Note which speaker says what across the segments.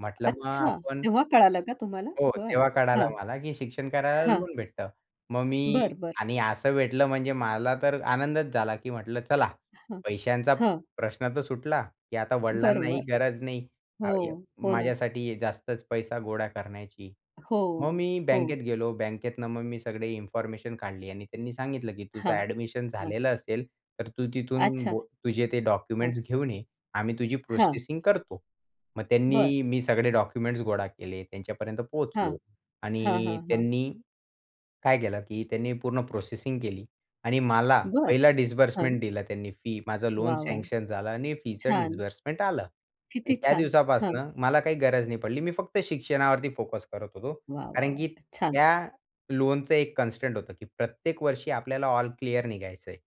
Speaker 1: म्हटलं मग
Speaker 2: अच्छा
Speaker 1: आपण.
Speaker 2: तेव्हा कळालं का तुम्हाला?
Speaker 1: हो.
Speaker 2: बरं.
Speaker 1: तेव्हा
Speaker 2: हां.
Speaker 1: कळलं मला की शिक्षण करायला
Speaker 2: हां.
Speaker 1: लोन भेटतं. मग मी
Speaker 2: बरं, बरं.
Speaker 1: आणि असं भेटलं म्हणजे मला तर आनंदच झाला की म्हटलं चला
Speaker 2: हां,
Speaker 1: पैशांचा
Speaker 2: हां.
Speaker 1: प्रश्न तर सुटला की आता वडिलांनाही
Speaker 2: बरोबर.
Speaker 1: गरज नाही
Speaker 2: हो,
Speaker 1: [unintelligible]
Speaker 2: हो ना.
Speaker 1: माझ्यासाठी जास्तच पैसा गोळा करण्याची.
Speaker 2: हो,
Speaker 1: मग मी
Speaker 2: हो.
Speaker 1: बँकेत गेलो बँकेतनं मग मी सगळी इन्फॉर्मेशन काढली आणि त्यांनी सांगितलं की "तुझं
Speaker 2: हां.
Speaker 1: ऍडमिशन
Speaker 2: हां.
Speaker 1: झालेलं असेल तर तू तिथून
Speaker 2: अच्छा.
Speaker 1: बो तुझे ते
Speaker 2: हां.
Speaker 1: डॉक्युमेंट्स घेऊन ये आम्ही तुझी
Speaker 2: हां.
Speaker 1: प्रोसेसिंग करतो." मग
Speaker 2: बरं.
Speaker 1: त्यांनी मी सगळे डॉक्युमेंट्स गोळा केले त्यांच्यापर्यंत
Speaker 2: हां,
Speaker 1: पोहोचलो
Speaker 2: हां,
Speaker 1: आणि
Speaker 2: हां, हां.
Speaker 1: त्यांनी काय केलं की त्यांनी पूर्ण प्रोसेसिंग केली आणि मला
Speaker 2: बरं.
Speaker 1: पहिला
Speaker 2: हां.
Speaker 1: डिस्बर्समेंट दिला त्यांनी फी माझं लोन
Speaker 2: वाह! वाह!
Speaker 1: सँक्शन झालं आणि फीच
Speaker 2: छान.
Speaker 1: डिस्बर्समेंट आलं आणि
Speaker 2: किती
Speaker 1: त्या
Speaker 2: छान! हां.
Speaker 1: दिवसापासनं मला काही गरज नाही पडली. मी फक्त शिक्षणावरती फोकस करत होतो.
Speaker 2: वाह! वाह!
Speaker 1: कारण की
Speaker 2: वाह! छान.
Speaker 1: त्या लोनचं एक कन्स्टंट होतं की प्रत्येक वर्षी आपल्याला ऑल क्लिअर निघायचं आहे.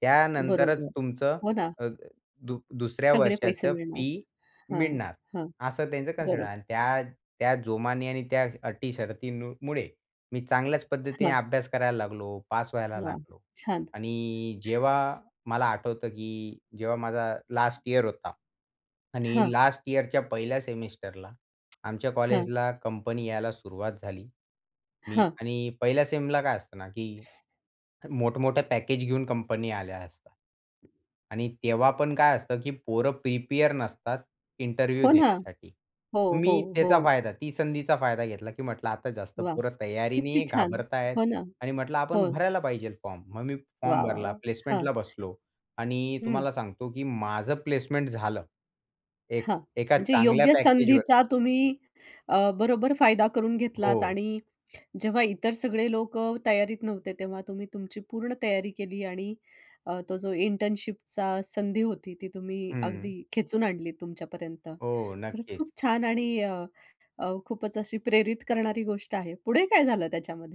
Speaker 1: त्यानंतरच
Speaker 2: बरोबर
Speaker 1: तुमचं
Speaker 2: हो ना.
Speaker 1: अ, दु दुसऱ्या
Speaker 2: सगळे पैसे
Speaker 1: वर्षाचं
Speaker 2: मिळणार
Speaker 1: फी
Speaker 2: हां,
Speaker 1: मिळणार.
Speaker 2: हां.
Speaker 1: असं त्यांचं कन्सिडर आहे
Speaker 2: बरोबर.
Speaker 1: आणि त्या त्या जोमानी आणि त्या अटी शर्ती मुळे मी चांगल्याच पद्धतीने
Speaker 2: हां.
Speaker 1: अभ्यास करायला लागलो. पास व्हायला
Speaker 2: वा!
Speaker 1: लागलो
Speaker 2: छान.
Speaker 1: आणि जेव्हा मला आठवतं की जेव्हा माझा लास्ट इयर होता आणि
Speaker 2: हां.
Speaker 1: लास्ट यिअरच्या पहिल्या सेमेस्टरला आमच्या
Speaker 2: हां.
Speaker 1: कॉलेजला कंपनी यायला सुरुवात झाली. मी
Speaker 2: हां.
Speaker 1: आणि पहिल्या सेमला काय असतं ना की मोठं-मोठं पॅकेज घेऊन कंपनी आल्या असतात. आणि तेव्हा पण काय असतं की पोरं प्रिपेअर नसतात इंटरव्ह्यू
Speaker 2: हो ना.
Speaker 1: देण्यासाठी.
Speaker 2: हो,
Speaker 1: मग
Speaker 2: हो,
Speaker 1: मी त्याचा
Speaker 2: हो.
Speaker 1: फायदा ती संधीचा फायदा घेतला की म्हंटलं आता जास्त
Speaker 2: वाह
Speaker 1: पोरं
Speaker 2: किती
Speaker 1: तयारीने
Speaker 2: छान!
Speaker 1: घाबरतायेत
Speaker 2: हो ना.
Speaker 1: आणि म्हंटलं
Speaker 2: हो
Speaker 1: आपण भरायला पाहिजे फॉर्म. मग मी फॉर्म
Speaker 2: वाह! वाह!
Speaker 1: भरला
Speaker 2: वाह! हां.
Speaker 1: प्लेसमेंटला बसलो आणि
Speaker 2: हं.
Speaker 1: तुम्हाला सांगतो की माझं प्लेसमेंट झालं. एक
Speaker 2: हां
Speaker 1: एका
Speaker 2: म्हणजे
Speaker 1: चांगल्या
Speaker 2: योग्य
Speaker 1: पॅकेजवर.
Speaker 2: संधीचा तुम्ही अ, बरोबर फायदा करून घेतलात
Speaker 1: हो.
Speaker 2: आणि जेव्हा इतर सगळे लोकं तयारीत नव्हते तेव्हा तुम्ही तुमची पूर्ण तयारी केली आणि अ, तो जो इंटर्नशिपचा संधी होती ती तुम्ही
Speaker 1: हं.
Speaker 2: अगदी खेचून आणली तुमच्या पर्यंत.
Speaker 1: हो
Speaker 2: खरंच
Speaker 1: नक्कीच.
Speaker 2: खूप छान आणि अ, खूपच अशी प्रेरित करणारी गोष्ट आहे. पुढे काय झालं त्याच्यामध्ये?